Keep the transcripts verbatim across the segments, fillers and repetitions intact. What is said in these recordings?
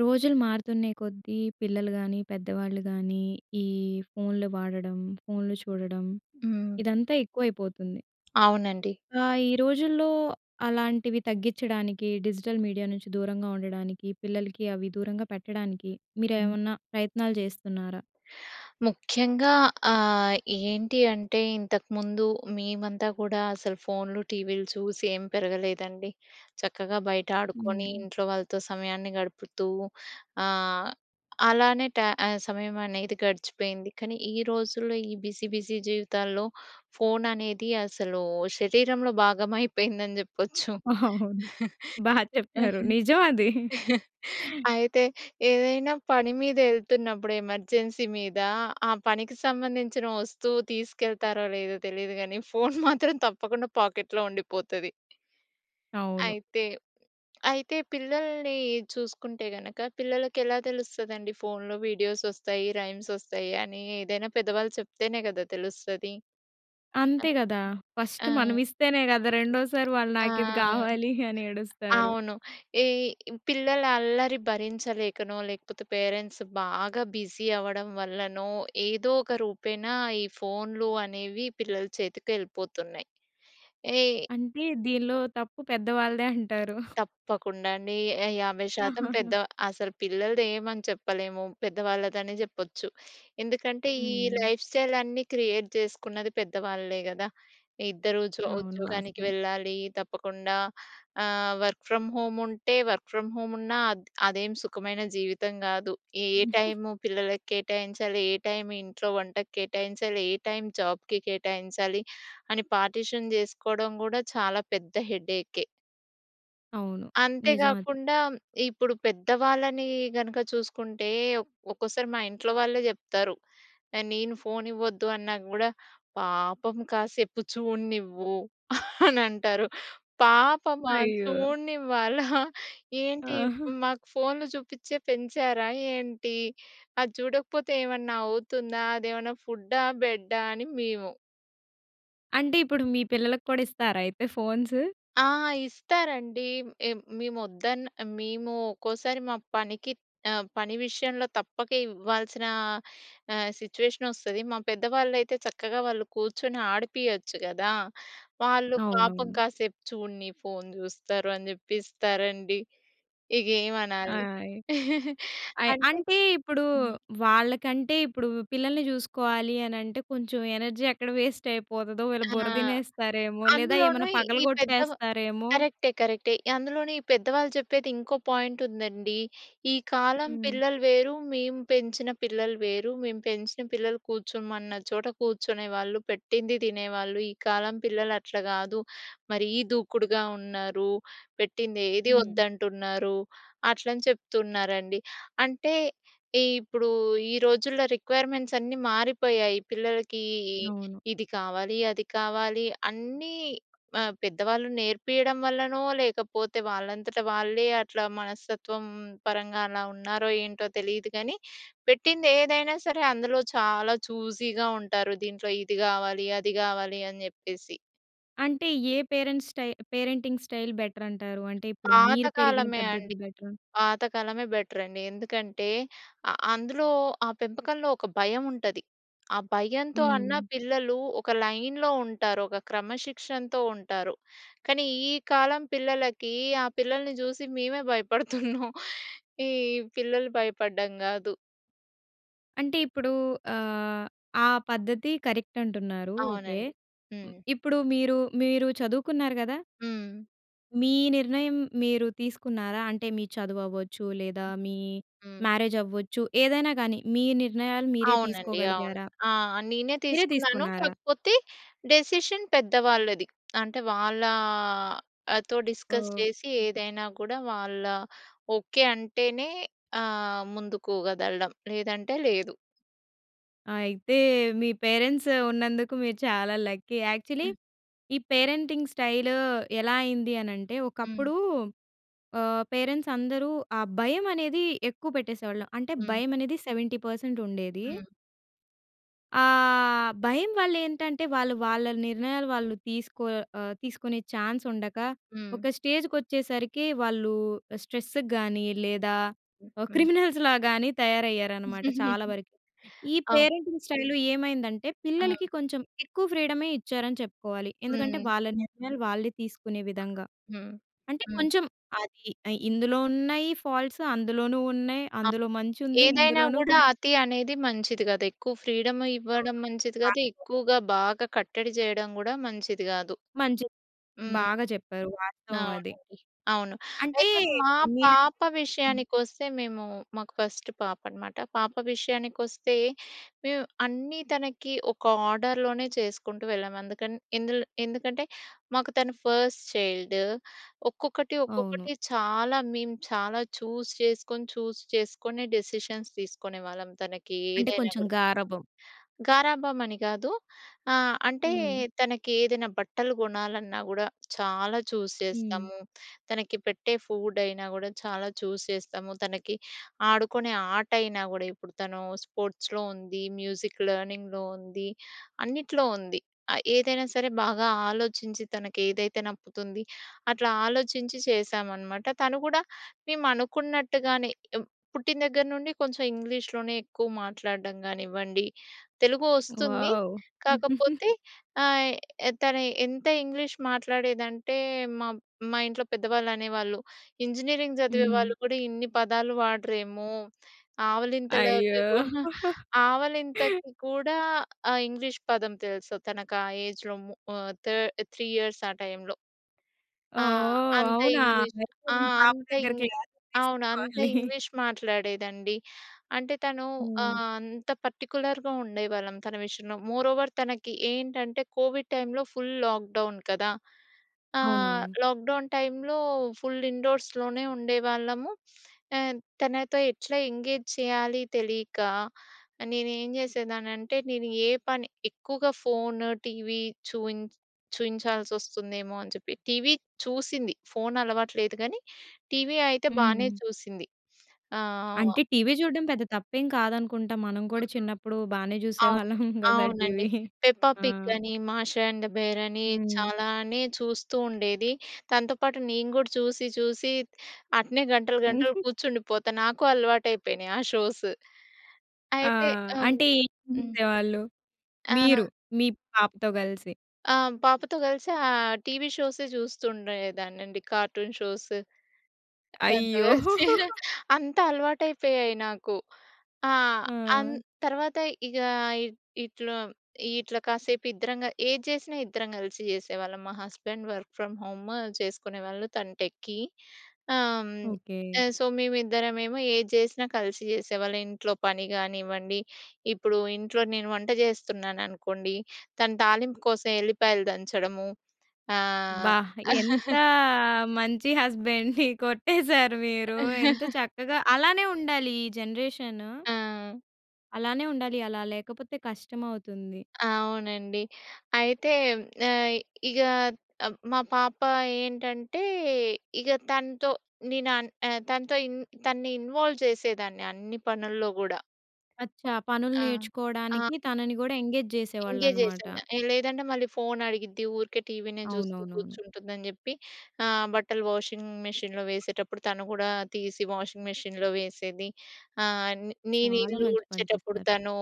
రోజులు మారుతున్నే కొద్దీ పిల్లలు కానీ, పెద్దవాళ్ళు కానీ, ఈ ఫోన్లు వాడడం, ఫోన్లు చూడడం, హ్మ్. ఇదంతా ఎక్కువైపోతుంది. అవునండి. ఆ! ఈ రోజుల్లో అలాంటివి తగ్గించడానికి డిజిటల్ మీడియా నుంచి దూరంగా ఉండడానికి, పిల్లలకి అవి దూరంగా పెట్టడానికి హ్మ్. మీరేమన్నా ప్రయత్నాలు చేస్తున్నారా? ముఖ్యంగా ఆ! ఏంటి అంటే ఇంతకుముందు మేమంతా కూడా అసలు ఫోన్‌లు, టీవీలు చూసి ఏం పెరగలేదండి. చక్కగా బయట ఆడుకొని హ్మ్. ఇంట్లో వాళ్ళతో సమయాన్ని గడుపుతూ ఆ! అలానే ట ఆహ్, సమయం అనేది గడిచిపోయింది. కానీ ఈ రోజుల్లో ఈ బిజీ బిజీ జీవితాల్లో, ఫోన్ అనేది అసలు శరీరంలో భాగం అయిపోయిందని చెప్పొచ్చు. అవును. బాగా చెప్పారు. నిజమది. అయితే ఏదైనా పని మీద వెళ్తున్నప్పుడు ఎమర్జెన్సీ మీద ఆ పనికి సంబంధించిన వస్తువు తీసుకెళ్తారో లేదో తెలీదు కానీ! ఫోన్ మాత్రం తప్పకుండా పాకెట్‌లో ఉండిపోతది. అవును. అయితే, అయితే పిల్లల్ని చూసుకుంటే గనక పిల్లలకి ఎలా తెలుస్తదండి? ఫోన్‌లో వీడియోస్ వస్తాయి. రైమ్స్ వస్తాయి. అని ఏదైనా పెద్దవాళ్ళు చెప్తేనే కదా! తెలుస్తది. అంతే కదా! ఫస్ట్ ఆ! మనం ఇస్తేనే కదా! రెండోసారి వాళ్ళు ఆ! నాకిది కావాలి అని ఏడుస్తారు. అవును. ఈ పిల్లల అల్లరి భరించలేకనో, లేకపోతే పేరెంట్స్ బాగా బిజీ అవ్వడం వల్లనో ఏదో ఒక రూపేణ ఈ ఫోన్‌లు అనేవి పిల్లల చేతికి వెళ్ళిపోతున్నాయి. ఈ అంటే దీనిలో తప్పు పెద్ద వాళ్ళదే అంటారు. తప్పకుండా అండి. యా యాభై శాతం పెద్ద అసలు పిల్లలదేమని చెప్పలేము. పెద్దవాళ్ళది అని చెప్పొచ్చు. ఎందుకంటే ఈ హ్మ్. లైఫ్ స్టైల్ అన్ని క్రియేట్ చేసుకున్నది పెద్దవాళ్లే కదా! ఇద్దరు ఉద్యో అవును. ఉద్యోగానికి వాస్తవం. వెళ్ళాలి, తప్పకుండా. ఆహ్, వర్క్ ఫ్రమ్ హోమ్ ఉంటే వర్క్ ఫ్రమ్ హోమ్ ఉన్నా ఆహ్, అదేం సుఖమైన జీవితం కాదు. ఏ టైము పిల్లలకి కేటాయించాలి? ఏ టైం ఇంట్లో వంటకు కేటాయించాలి? ఏ టైం జాబ్‌కి కేటాయించాలి? అని పార్టిషన్ చేసుకోవడం కూడా చాలా పెద్ద హెడేకే. అవును. అంతే నిజం అది. గాకుండా ఇప్పుడు పెద్దవాళ్ళని గనుక చూసుకుంటే ఒ ఒక్కోసారి మా ఇంట్లో వాళ్ళే చెప్తారు. న నేను ఫోన్ ఇవ్వద్దు అన్నా గూడా, "పాపం కాసేపు చూడనివ్వు" అనంటారు. "పాపమా? అయ్యో! చూడనివ్వాలా? ఏంటి ఆహా! మాకు ఫోన్‌లు చూపించే పెంచారా ఏంటి? అది చూడకపోతే ఏమన్నా అవుతుందా? అదేమన్నా ఫుడ్డా! బెడ్డా!" అని మేము అంటే ఇప్పుడు మీ పిల్లలకి కూడా ఇస్తారా అయితే ఫోన్స్? ఆ! ఇస్తారండి. ఏమ్ మేము వద్దన్నా మేము ఒక్కోసారి మా పనికి ఆహ్, పని విషయంలో తప్పక ఇవ్వాల్సిన ఆహ్, సిట్యువేషన్ వస్తది. మా పెద్దవాళ్ళైతే చక్కగా వాళ్ళు కూర్చొని ఆడిపియచ్చు గదా! వాళ్ళు "పాపం అవునవును. కాసేపు చూడనీ ఫోన్ చూస్తారు" అని చెప్పెసి ఇస్తారండి. ఇగేంమనాలి? ఆయ్. అయ్ అంటే అంటే ఇప్పుడూ హ్మ్. వాళ్ళకంటే ఇప్పుడు పిల్లల్ని చూసుకోవాలి అనంటే కొంచెం ఎనర్జీ ఎక్కడ వేస్ట్ అయిపోతదో వీళ్ళు ఆ! బుర్ర తినేస్తారేమో! లేదా అందులోనూ ఏమన్నా ఈ పెద్దవా పగలగొట్టేస్తారేమో! కరెక్టే, కరెక్టే. అందులోనూ ఈ పెద్దవాళ్ళు చెప్పేది ఇంకో పాయింట్ ఉందండి. "ఈ కాలం హుహు. పిల్లలు వేరు. మేము పెంచిన పిల్లలు వేరు. మేము పెంచిన పిల్లలు కూర్చోమన్న చోట కూర్చునే వాళ్ళు. పెట్టింది తినేవాళ్ళు. ఈ కాలం పిల్లలు అట్లా గాదు. మరీ దూకుడుగా ఉన్నారు. పెట్టింది ఏదీ హ్మ్. వద్దంటున్నారు" అట్లని చెప్తున్నారండి. అంటే ఈ ఇప్పుడు ఈ రోజుల్లో రిక్‌వైర్‌మెంట్స్ అన్నీ మారిపోయాయి. పిల్లలకీ ఇ అవును. ఇది కావాలి, అది కావాలి అన్నీ ఆహ్, పెద్దవాళ్ళు నేర్పియడం వల్లనో, లేకపోతే వాళ్ళంతట వాళ్ళే అట్లా మనస్తత్వం పరంగా అలా ఉన్నారో ఏంటో తెలీదు కానీ, పెట్టిందేదైనా సరే! అందులో చాలా చూసీగా ఉంటారు. దీంట్లో ఇది కావాలి. అది కావాలి అని చెప్పేసి. అంటే ఏ పేరెంట్స్ స్టై స్టైల్ పేరెంటింగ్ స్టైల్ బెటరంటారూ? అంటే ఇప్పుడు మీరు పెరిగిన పాతకాలమే పద్ధతి అండి. బెటరా? పాతకాలమే బెటరండి. ఎందుకంటే ఆహ్, అందులో ఆ పెంపకంలో ఒక భయముంటది. ఆ భయంతో అన్నా హ్మ్. పిల్లలు ఒక లైన్‌లో ఉంటారు. ఒక క్రమశిక్షణతో ఉంటారు. కానీ ఈ కాలం పిల్లలకీ ఆ పిల్లల్ని చూసి మేమే భయపడుతున్నాం! ఈ పిల్లలు భయపడడం కాదు! అంటే ఇప్పుడూ ఆహ్, ఆ పద్ధతి కరెక్ట్ అంటున్నారు ఓకె. అవునండి. హ్మ్. ఇప్పుడు మీరు, మీరు చదువుకున్నారు కదా!... హ్మ్. మీ నిర్ణయం మీరు తీసుకున్నారా? అంటే మీ చదువవ్వచ్చు లేదా, మీ హ్మ్. మ్యారేజ్ అవ్వచ్చు ఏదైనా కానీ, మీ నిర్ణయాలు మీరే అవునండి. అవును. తీసుకోగలిగారా? ఆ! నేనే మీరే తీసుకున్నాను. తీసుకున్నారా? కాకపోతే డిసిషన్ పెద్ద వాళ్ళది. అంటే వాళ్ళాతో డిస్కస్ ఓహ్! చేసి ఏదైనా కూడా వాళ్ళా, ఓకె, అంటేనే ఆహ్, ముందుకు కదలడం. లేదంటే లేదు. అయితే మీ పేరెంట్స్ ఉన్నందుకు మీరు చాలా లక్కీ. యాక్చువల్లీ ఈ పేరెంటింగ్ స్టైలూ ఎలా అయిందీ అనంటే హ్మ్. ఒకప్పుడూ ఆహ్, పేరెంట్స్ అందరూ ఆ భయమనేది ఎక్కువ పెట్టేసేవాళ్ళు. అంటే హ్మ్. భయమనేది సెవెంటీ పర్సెంట్ ఉండేదీ. హ్మ్ ఆ! భయం వాళ్ళు ఏంటంటే వాళ్ళు వాళ్ళ నిర్ణయాలు వాళ్ళు తీసుకో ఆహ్, తీసుకునే ఛాన్స్ ఉండక హ్మ్. ఒక స్టేజ్‌కి వచ్చేసరికి వాళ్ళు స్ట్రెస్ గాని లేదా ఆ హ్మ్. క్రిమినల్‌స్ లాగా‌న్ని తయారయ్యారనమాట చాలా వరకు. ఈ అవును. పేరెంటింగ్ స్టైల్ ఏమైందంటే ఆ! పిల్లలకి కొంచెం ఎక్కువ ఫ్రీడమ్ ఇచ్చారని చెప్పుకోవాలి ఎందుకంటే హ్మ్. వాళ్ళ నిర్ణయాలు వాళ్ళే తీసుకునే విధంగా. హ్మ్. అంటే హ్మ్. కొంచెం అది ఇ ఇందులో ఉన్నాయి ఫాల్ట్‌స్ అందులోనూ ఉన్నాయి ఆ! అందులో మంచి ఉంది ఏదైనా ఇందులోనూ కూడా కొన్ని అతి అనేది మంచిది కాదు. ఎక్కువ ఫ్రీడమ్ ఇవ్వడం అవును మంచిది కాదు. పాయిం‌టే. ఎక్కువగా బాగా కట్టడి చేయడం కూడా మంచిది కాదు. మం‌చే హ్మ్. బాగా చెప్పారు. వాస్తవం అది. అవునండి. అవును. అంటే అయితే మా మీరు పాప హ్మ్. విషయానికి వస్తే మేము మాకు ఫస్ట్ పాప అనమాట. పాప విషయానికి వస్తే మేము అన్నీ తనకి ఒక ఆర్డర్‌లోనే చేసుకుంటూ వెళ్ళాము అందుకని ఎందు‌ల్ ఎందుకంటే, మాకు తను ఫస్ట్ చైల్డ్. ఒక్కొక్కటి అవును. ఒక్కొక్కటి చాలా మేము చాలా చూజ్ చేసుకొని చూజ్ చేసుకొని డిసిషన్‌స్ తీసుకునేవాళ్ళం తనకి అంటే ఏదైనా కొంచెం కూడా. గారాబం. గారాబం అని కాదు. ఆ! అంటే హ్మ్. తనకి ఏదైనా బట్టలు కొనాలన్నా కూడా చాలా చూజ్ హ్మ్. చేస్తాము. తనకి పెట్టే ఫుడ్ అయినా కూడా చాలా చూజ్ చేస్తాము. తనకి ఆడుకునే ఆట అయినా కూడా ఇప్పుడు తను స్పోర్ట్‌స్‌లో ఉంది మ్యూజిక్ లెర్నింగ్‌లో ఉంది. అన్న‌టి‌లో ఉంది. ఆ ఏదైనా సరే బాగా ఆలోచించి తనకు ఏదైతే నప్పుతుంది అట్లా ఆలోచించి చేశామనమాట. తను కూడా మేము అనుకున్నట్టుగా‌నే ఏం పుట్టిన దగ్గర నుండి కొంచెం ఇంగ్లీష్‌లోనే ఎక్కువ మాట్లాడడం కానివ్వండి తెలుగు వస్తుంది వావ్! కాకపోతే ఆహ్, తను ఎంత ఇంగ్లీష్ మాట్లాడేదంటే మా మా ఇంట్లో పెద్దవాళ్ళు అనేవాళ్ళు ఇంజనీరింగ్ చదివే హ్మ్. వాళ్ళు కూడా ఇన్ని పదాలు వాడరేమో అయ్యో! ఆవలింతలకి కూడా ఆవలింతకి కూడా ఆ ఇంగ్లీష్ పదం తెలుసు తనకి ఆ ఏజ్‌లో మూ ఆ థర్డ్ త్రీ ఇయర్‌స్ ఆ టైంలో. ఆ! ఓహ్! అంతే అవునా! ఇంగ్లీష్ అయితే ఆ! మీ పాప అంతే దగ్గర ఇం క్లాస్ తీసుకోవాలి. అవును అంత ఇంగ్లీష్ మాట్లాడేదండి. అంటే తను ఆహ్, హ్మ్. అంత పార్టిక్యులర్‌గా ఉండేవాళ్ళం తన విషయంలో. మోరోవర్ తనకి ఏంటంటే కోవిడ్ టైమ్‌లో ఫుల్ లాక్డౌన్ కదా! ఆ! అవునవును. లాక్డౌన్ టైమ్‌లో ఫుల్ ఇండోర్‌స్‌లోనే ఉండేవాళ్ళము. ఆహ్, తనతో ఎట్లా ఎంగేజ్ చేయాలి తెలియక నేను ఏం చేసేదాన్ని అంటే నేను ఏ పని ఎక్కువగా ఫోన్ టీవీ చూ‌యిం చూయించాల్సి వస్తుందేమో అని చెప్పి టీవీ చూసింది ఫోన్ అలవాటు లేదు కానీ టీవీ అయితే బాగానే హ్మ్. చూసింది ఆ! వ అంటే టీవీ చూడ్డం పెద్ద తప్పేం కాదనుకుంటా? మనం కూడా హ్మ్. చిన్నప్పుడు బానే అవును. చూసేవాళ్ళం కదా! అవునండి. టీవీ పెప్ప ఆ! పిగ్ అని మాష అండ్ బేర్ అని హ్మ్. చాలానే చూస్తూ ఉండేది తనతో పాటు నేను కూడా చూసి చూసి అట్నే గంటలు గంటలు కూర్చుండిపోతాను నాకు అలవాటు అయిపోయినాయి ఆ షోస్. ఆ! అయితే హ్మ్. అంటే ఏం హ్మ్. చేవాళ్ళు? మీరు ఆ! మీ పాపతో కలిసి? ఆ! పాపతో గలిసి ఆహ్, టీవీ షోసె చూస్తుండేదాన్నండి. కార్టూన్ షోసు దానితో అయ్యో! కలిసి. అంతా అలవాటు అయిపోయాయి నాకు. ఆ! అన్ ఆ! తర్వాత ఇగా ఇ ఇట్లా, ఇట్లా కాసేపు ఇద్దరం గా ఏది చేసినా ఇద్దరం గలిసి చేసేవాళ్ళం. మా హస్బెండ్ వర్క్ ఫ్రమ్ హోము చేసుకునేవాళ్ళు తను టెక్కి. ఆహ్, హ్మ్. ఓకే. ఆహ్, సో, మేమిద్దరమేమో ఏది చేసినా కలిసి చేసేవాళ్ళం. ఇంట్లో పని గానివ్వండి, ఇప్పుడు ఇంట్లో నేను వంట చేస్తున్నాను అనుకోండి, తను తాలింపు కోసం ఎల్లిపాయలు దంచడము. ఆహ్ అబ్బా! ఎంతా మంచి హస్బండ్‌ని కొట్టేసారు మీరు. ఎంత చక్కగా అలానే ఉండాలి ఈ జనరేషను. ఆ! అలానే ఉండాలి. అలా లేకపోతే కష్టమవుతుంది. అవునండి. అయితే ఆహ్, ఇగ, మా పాప ఏంటంటే ఇగ తనతో నేను అన్ ఆహ్, తనతో ఇన్ తనని ఇన్వాల్వ్ చేసేదాన్ని అన్ని పనుల్లో గూడా. అచ్చా. పనులు ఆ! ఆ! నేర్చుకోవడానికి తనని గూడా ఎంగేజ్ ఎంగేజ్ చేసే చేసేవాళ్ళనమాట. దాన్ని. ఆ లేదంటే మళ్ళీ ఫోన్ అడిగిద్ది, ఊరికే టీవీనే చూస్తూ అవునవునవును. కూర్చుంటుంది అని చెప్పి ఆహ్, బట్టలు వాషింగ్ మిషన్‌లో వేసేటప్పుడు తను గూడా తీసి వాషింగ్ మిషన్‌లో వేసేది, ఆహ్, నేను చాలా ఇల్లు మంచి పని ఉడిచేటప్పుడు చేశారు. తనూ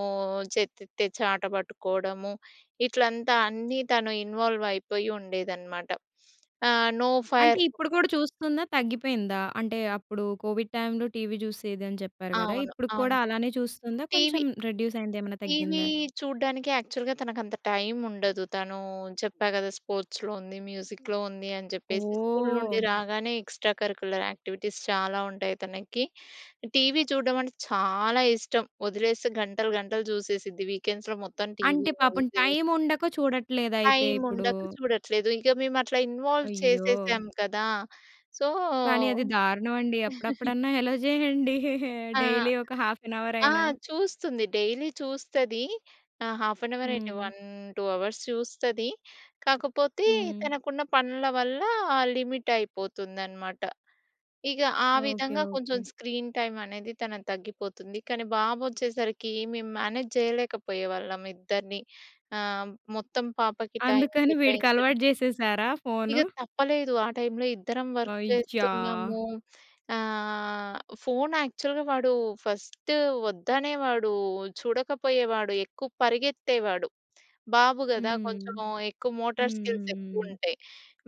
చెత్త ఎత్తే చాటా పట్టుకోవడము. ఇట్లంతా అన్నీ తను ఇన్వాల్వ్ అయిపోయి ఉండేదనమాట. ఆహ్, నో ఫర్ అంటే ఇప్పుడు కూడా చూస్తుందా? తగ్గిపోయిందా? అంటే అప్పుడు కోవిడ్ టైమ్‌లో టీవీ చూసేది అని చెప్పారు కదా! అవును. అవును. ఇప్పుడు‌క్కూడా అలానే చూస్తుందా? టీవీ... కొంచెం రెడ్యూస్ అయిందా? ఏమన్నా టీవీ తగ్గిందా? చూడ్డానికి యాక్చువల్‌గా తనకంత టైమ్ ఉండదు. తనూ చెప్పా కదా! స్పోర్ట్స్‌లో ఉంది, మ్యూజిక్‌లో ఉంది అని చెప్పేసి. స్కూల్ నుండి ఓహ్! రాగానే ఎక్స్‌ట్రా కరిక్యులర్ యాక్టివిటీస్ చాలా ఉంటాయి తనకి. టీవీ చూడడం అంటే చాలా ఇష్టం వదిలేస్తే గంటలు గంటలు చూసేసిద్ది. వీకెండ్స్‌లో మొత్తం అంటే టీవీ, పాపం మూవీసు టైమ్ ఉండక చూడట్లేదా అయితే టైమ్ ఇప్పుడు! ఉండక చూడట్లేదు. ఇక మేము అట్లా ఇన్వాల్వ్ అయ్యో! చేసేసాం కదా! సో కానీ అది దారుణం అండి. అప్పుడప్పుడన్నా అలో చేయండి. ఆ! డైలీ ఒక హాఫ్ ఏన్ అవర్ ఆ! అయినా. చూస్తుంది. డైలీ చూస్తది. ఆ! హాఫ్ ఏన్ అవర్ ఏంటి హ్మ్. వన్ టూ అవర్స్ చూస్తది. కాకపోతే హ్మ్. తనకున్న పనుల వల్ల లిమిట్ అయిపోతుందనమాట. ఇగ ఆ ఓకే. విధంగా కొంచెం ఓకే. స్క్రీన్ టైమ్ అనేది తనది తగ్గిపోతుంది. కానీ బాబు వచ్చేసరికి మేము మేనేజ్ చేయలేకపోయేవాళ్ళం. ఇద్దరిని ఆహ్, మొత్తం పాపకి టైమ్ అందుకని కేటాయించడం వీడికలవాటు చేసేసారా ఫోను? ఇగ తప్పలేదు ఆ టైమ్‌లో ఇద్దరం వర్క్ అయ్యా! చేస్తున్నాము, ఆహ్, ఫోన్ యాక్చువల్‌గా వాడు ఫస్ట్ వద్దనేవాడు, చూడకపోయేవాడు, ఎక్కువ పరిగెత్తేవాడు. బాబు గదా! హ్మ్. కొంచెము ఎక్కువ మోటార్ స్కిల్స్ ఎక్కువ హుహుహు. ఉంటాయి.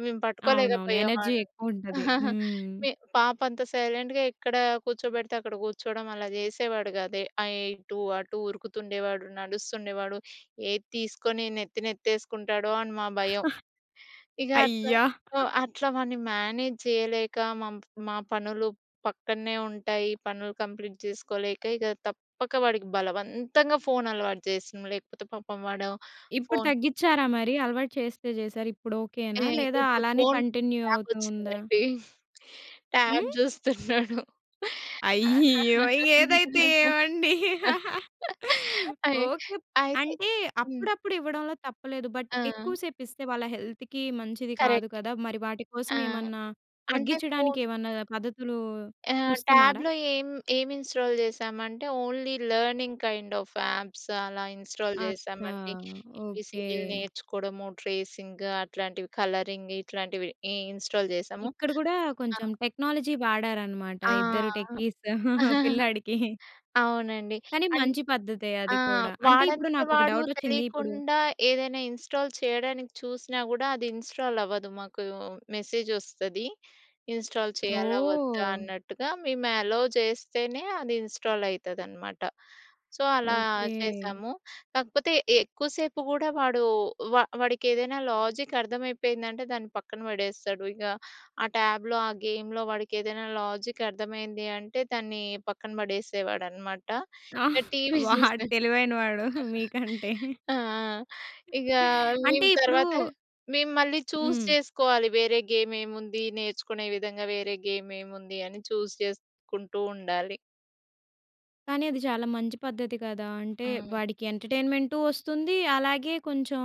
మేము అవునవును. ఎనర్జీ పట్టుకోలేకపోయేవాళ్లం. ఎక్కువుంటది. హ్మ్. మీ పాప అంత సైలెంట్‌గా ఎక్కడ కూర్చోబెడితే అక్కడ కూర్చోవడం అలా చేసేవాడు కాదు. ఆహ్, ఇటూ, అటు ఉరుకుతుండేవాడు, నడుస్తుండేవాడు. ఏది తీసుకొని నెత్తి నెత్తె‌సుకుంటాడో అని మా భయం. ఇగ అట్లా అయ్యా! ఓహ్! అట్లా వాడిని మేనేజ్ చేయలేక మామ్ మా పనులు పక్కన్నే ఉంటాయి. పనులు కంప్లీట్ చేసుకోలేక, ఇగ తప్పక వాడికి బలవంత్తంగా ఫోన్ అలవాటు చేసినం. లేకపోతే పాపం వాడు ఇప్పుడు ఫోన్ తగ్గిచ్చారా మరి? అలవాటు చేస్తే చేసారు. ఇప్పుడు ఓకేనా? ఏయ్ లేదా ఇప్పుడు అలానే ఫోన్ కంటిన్యూ ట్యాబ్ అవుతు ఉందా? వచ్చిందండి. ట్యాబ్ హ్మ్? చూస్తున్నాడు. అయ్యో! ఏదైతే ఏమండి అయి ఓకే. అయితే అంటే హ్మ్. అప్పుడప్పుడు ఇవ్వడంలో తప్పులేదు. బట్ ఎక్కువ ఆ! సేపు ఇస్తే వాళ్ళ హెల్త్‌కి మంచిది కాదు కరెక్ట్. కదా! మరి వాటి కోసం ఆ! ఏమన్నా, అంటే తగ్గించడానికి ఫోన్ ఏమన్నా పద్ధతులు ఆ! చూస్తున్నారా? ట్యాబ్‌లో ఏం, ఏం ఇన్‌‌స్టాల్ చేశామంటే only learning kind of apps అలా ఇన్‌స్టాల్ అచ్చా. చేశామండి. ఓకే. ఏబీసీడీ‌లు నేర్చుకోవడము, ట్రేసింగు అట్లాంటివి, కలరింగ్ ఇట్లాంటివి. ఇన్‌స్టాల్ చేశాము. ఇక్కడ గూడా ఆ! కొంచెం టెక్నాలజీ వాడారనమాట ఆ! ఇద్దరు టెక్కీస్ పిల్లాడికి. అవునండి. కానీ అంట్ మంచి పద్ధతే ఆ! అది కూడా. అంటే ఇప్పుడు వాడంతట నాకు ఒక వాడు డవుట్ వచ్చింది. ఇప్పుడు తెలీకుండా ఏదైనా ఇన్‌స్టాల్ చేయడానికి చూసినా గూడా అది ఇన్‌స్టాల్ అవ్వదు. మాకు మెసేజ్ వస్తది. ఇన్‌స్టాల్ చేయాలా? వద్దా? ఓహ్! అన్నట్టుగా మేము అలో చేస్తేనే అది ఇన్‌స్టాల్ అయితదనమాట. సో, అలా ఓకే. చేశాము. కాకపోతే ఎక్కువసేపు గూడా వాడు వ వాడికి ఏదైనా లాజిక్ అర్థమైపోయిందంటే దాన్ని పక్కన పడేస్తాడు. ఇగ ఆ ట్యాబ్‌లో ఆ గేమ్‌లో వాడికి ఏదైనా లాజిక్ అర్థమైంది అంటే దాన్ని పక్కన పడేసేవాడు. అనమాట. ఆహ్, ఇంకా టీవీ వాడు చూస్తే తెలివైన వాడు మీకంటే. ఆహ్, ఇగ అంటే మేము ఇప్పుడు తర్వాత మేము మళ్ళీ చూస్ హ్మ్. చేసుకోవాలి వేరే గేమ్ ఏముంది? నేర్చుకునే విధంగా వేరే గేమ్ ఏముంది అని చూస్ చేసుకుంటూ ఉండాలి. కానీ అది చాలా మంచి పద్ధతి కదా! అంటే హ్మ్. వాడికి ఎంటర్‌టైన్‌మెంటూ వస్తుంది, అలాగే కొంచెం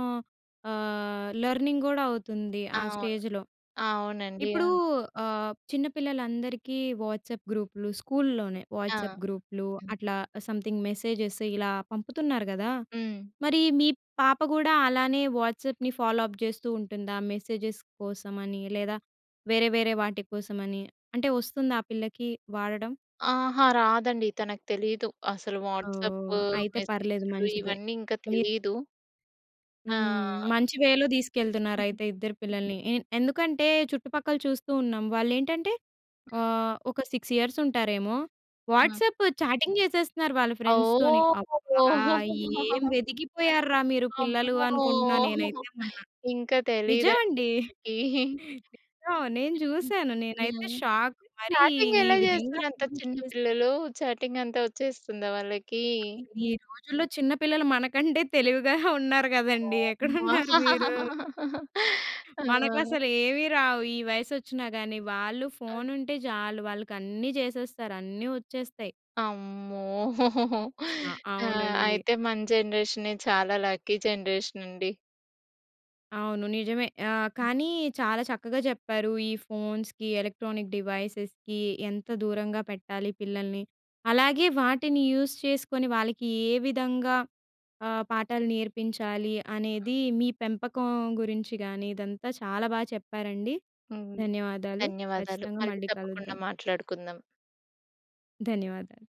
ఆహ్, లెర్నింగ్ కూడా అవుతుంది. ఆ అవును. స్టేజ్‌లో. అవునండి. ఇప్పుడూ అవును. ఆహ్, చిన్నపిల్లలందరికీ వాట్సాప్ గ్రూప్‌లు, స్కూల్‌లోనే ఆ! వాట్సాప్ గ్రూప్‌లూ, హ్మ్. అట్లా సమ్‌థింగ్ మెసేజెస్ ఇలా పంపుతున్నారు కదా! హ్మ్. మరి మీ పాప కూడా అలానే వాట్సాప్‌ని ఫాలో అప్ చేస్తూ ఉంటుందా మెసేజెస్ కోసమని? లేదా వేరే, వేరే వాటి కోసమని అంటే వస్తుందా ఆ పిల్లకీ వాడడం? ఆహా! రాదండి! తనకు తెలీదు. అసలు వాట్సాప్పు, ఓహ్! అయితే పర్లేదు మెసేజ్‌లూ మంచిదే. ఇవన్నీ ఇంకా మీరు తెలీదూ! హ్మ్. ఆ! మంచి వేలో తీసుకెళ్తున్నారైతే ఇద్దరు పిల్లల్ని. ఎ ఎందుకంటే చుట్టుపక్కల చూస్తూ ఉన్నాం. వాళ్ళేంటంటే హ్మ్. ఆహ్, ఒక సిక్స్ ఇయర్స్ ఉంటారేమో, ఆ! వాట్సాప్ చాటింగ్ చేసేస్తున్నారు వాళ్ళ ఫ్రెండ్స్‌తోని. ఓహ్! అబ్బా! ఏం ఎదికిపోయారు రా! మీరు పిల్లలూ" అమ్మో! అనుకుంటున్నా! నేనైతే మొన్న! ఇంకా తెలియదండీ నిజమండి! తనకి. నిజం. నేను చూసాను! నేనైతే హ్మ్. షాక్ మరీ చాటింగ్ ఈ ఎలా విధంగా చేస్తున్నారు అంత ఫోన్ యూస్ చిన్న చేస్తే పిల్లలూ? చాటింగ్ అంతా వచ్చేస్తుందా వాళ్ళకీ? ఈ రోజుల్లో చిన్న పిల్లలు మనకంటే తెలివిగానె ఉన్నారు కదండీ! అమ్మా! ఎక్కడున్నారు మీరు? ఆ! మనకసలు ఏమి రావు. ఈ వయసు వచ్చిన గాని! వాళ్ళు అం ఫోన్ ఉంటే చాలు. వాళ్ళకన్నీ చేసేస్తారు! అన్నీ వచ్చేస్తాయి! అమ్మో! చా ఆ! అవునండి. అయితే, మన జనరేషనే చాలా లక్కీ జనరేషన్ అండి! అవును. నిజమే! ఆహ్, కానీ చాలా చక్కగా చెప్పారూ. ఈ ఫోన్స్‌కి, ఎలక్ట్రానిక్ డివైసెస్‌కి ఎంత దూరంగా పెట్టాలి పిల్లల్ని. అలాగే, వాటిని యూస్ చేసుకొని వాళ్ళకీ ఏ విధంగా ఆహ్, పాఠాలు నేర్పించాలి అనేది, మీ పెంపకం గురించి కానీ, ఇదంతా చాలా బాగా చెప్పారండి. హ్మ్. ధన్యవాదాలు. ధన్యవాదాలు. ఖచ్చితంగా మళ్ళీ మళ్ళీ తప్పకుండా కలుద్దాం. మాట్లాడుకుందాం. ధన్యవాదాలు.